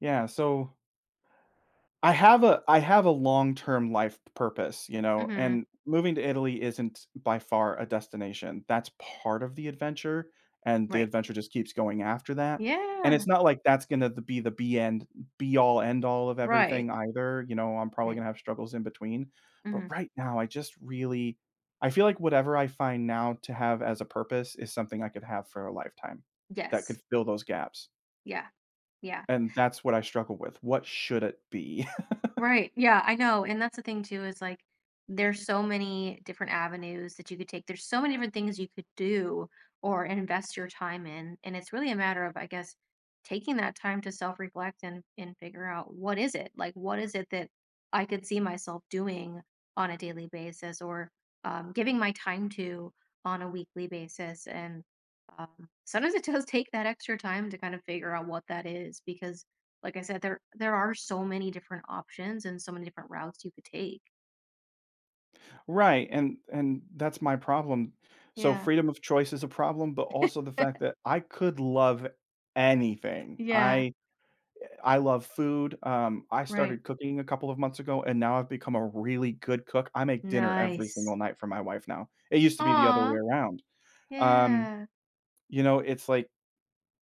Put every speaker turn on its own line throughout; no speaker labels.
Yeah, so I have a I have a long-term life p purpose, you know?
Mhm.
And moving to Italy isn't by far a destination. That's part of the adventure, and the
Right.
adventure just keeps going after that, and
Yeah.
it's not like that's gonna th be the be end be-all end-all of
Right.
everything either, you know, I'm probably
He
gonna have struggles in between. But
Mhm.
right now, I just really I feel like whatever I find now to have as a purpose is something I could have for a lifetime, that
Yes.
could fill those gaps.
Yeah. Yeah.
And that's what I struggle with. What should it be?
Right, yeah, I know, and that's the thing too, is, like, there's so many different avenues that you could take. There's so many different things you could do or invest your time in, and it's really a matter of, I guess, taking that time to self-reflect and and figure out what is it, like, what is it that I could see myself doing on a daily basis or, um, giving my time to on a weekly basis, and, um, sometimes it does take that extra time to kinda figure out what that is because, like I said, there there are so many different options and so many different routes you could take.
Right, and and that's my problem. So,
Yeah.
freedom of choice is a problem, but also the fact that I could love anything.
Yeah.
I eh, I love food, um, I
Right.
started cooking a couple of months ago, and now I've become a really good cook. I make dinner every single
Nice.
night for my wife now. It used to be the other way
Aw.
around. Um,
Yeah.
you know, it's, like,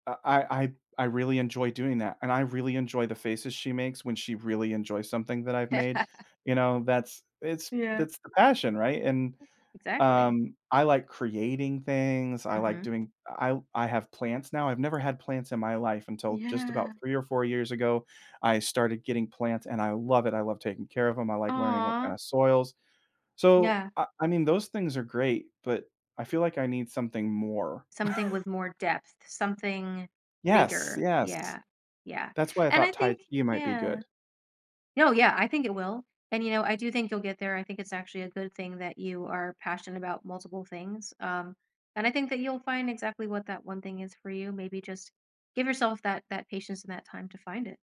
I I I I really enjoy doing that, and I really enjoy the faces she makes when she really enjoys something that I've made. You know, that's it's
Yeah.
that's the passion, right? And,
Exactly.
um, I like creating things. I like
Mhm.
doing uh, I I have plants now. I've never had plants in my life until just
Yeah.
about 3 or 4 years ago. I started getting plants, and I love it. I love taking care of 'em. I like learning what
Aw.
kinda soils. So,
Yeah.
I I mean, those things are great, but I feel like I need something more.
Something with more depth. Something
Yes,
bigger,
yes.
yeah. Yeah.
That's why I
And I
thought Tai
think
Chi might be
Yeah.
good.
No, yeah, I think it will, and, you know, I do think you'll get there. I think it's actually a good thing that you are passionate about multiple things, um, and I think that you'll find exactly what that one thing is for you. Maybe just give yourself that that patience and that time to find it.